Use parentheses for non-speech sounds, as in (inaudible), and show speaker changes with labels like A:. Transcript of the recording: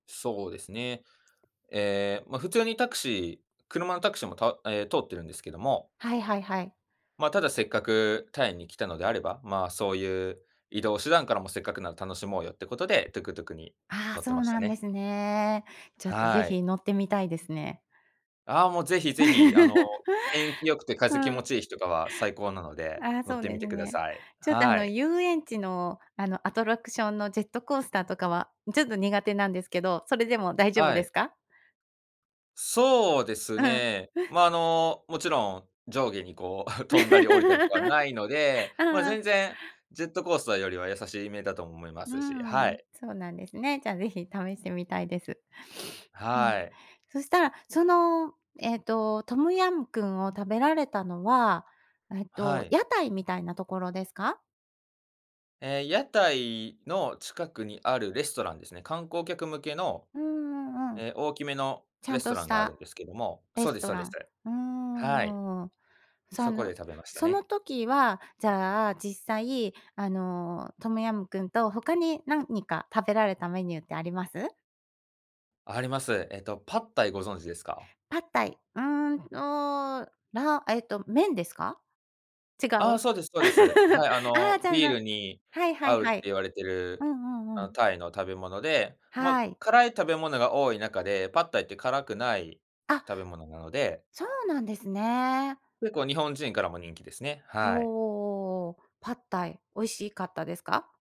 A: そうですね。え、ま、普通にタクシー車のタクシーも、た通ってるんですけども。
B: はいはいはい。
A: ま、ただせっかく、タイに来たのであれば、ま、そういう、移動手段からもせっかくなら楽しもうよってことで、トゥクトゥクに
B: ああ、
A: 乗っ
B: そ
A: てま
B: う
A: した
B: なんで
A: ね。
B: すね。ちょっと
A: は
B: ぜ
A: い。
B: ひ乗ってみたいですね。
A: ああ、もうぜひぜひ、あの、
B: (laughs)
A: 天気良くて
B: う
A: 風気持
B: ん。
A: ちいい日とかは最高なので、
B: ああ、
A: 乗っ
B: そう
A: て
B: で
A: み
B: す
A: てくだ
B: ね。
A: さい。
B: ちょっとあ
A: は
B: の
A: い。
B: 遊園地の、あのアトラクションのジェットコースターとかは、ちょっと苦手なんですけど、それでも大丈夫
A: は
B: で
A: い。
B: すか？
A: そうです
B: うふん。
A: ね、ま、あの、もちろん、上下にこう (chuckles) 飛んだり降りたりとかないので、
B: (laughs)
A: ま、
B: ああ。
A: 全然、ジェットコースターよりはやさしめだと思いま
B: う
A: すし、は
B: ん、
A: い。
B: そうなんですね。じゃあ、ぜひ試してみたいです。(sniffs) うん、
A: はい。
B: そしたら、その、えっとトムヤムクンを食べられたのは、えっ
A: は
B: と、
A: い。
B: 屋台みたいなところですか？
A: ええ、屋台の近くにあるレストランですね。観光客向けの、
B: うーん、うん。
A: え、大きめの、
B: ちゃ
A: レ
B: ん
A: ス
B: と
A: ト
B: し
A: ランがあるん
B: た、
A: ですけども
B: レ
A: そうで
B: ス
A: す
B: ト
A: そう
B: ラ
A: です。
B: ン。う
A: はい。
B: ーん。そ
A: そこ
B: の
A: で食べました
B: その
A: ね。
B: 時は、じゃあ実際、あのトムヤムクンと他になんにか食べられたメニューってあります？
A: あります。えっと、パッタイご存知ですか？
B: パッタイ。うん、と、らえっと麺ですか？違う？
A: ああ、そうです
B: (laughs)
A: そうです。
B: あ
A: はい、あ
B: あ、
A: の、
B: じゃあ
A: ビー
B: の、
A: ルに
B: はいは
A: 合
B: い
A: うっ
B: は
A: て
B: い。
A: 言われて
B: うん
A: る、
B: うん
A: あ
B: う
A: の、
B: ん。
A: タイの食べ物で、ま、
B: はい。
A: 辛い食べ物が多い中でパッタイって辛くない
B: あ。
A: 食べ物なので
B: そうなんですね。
A: 結構日本人からも人気ですね、はい。
B: おお、パッタイ。美味しかったですか？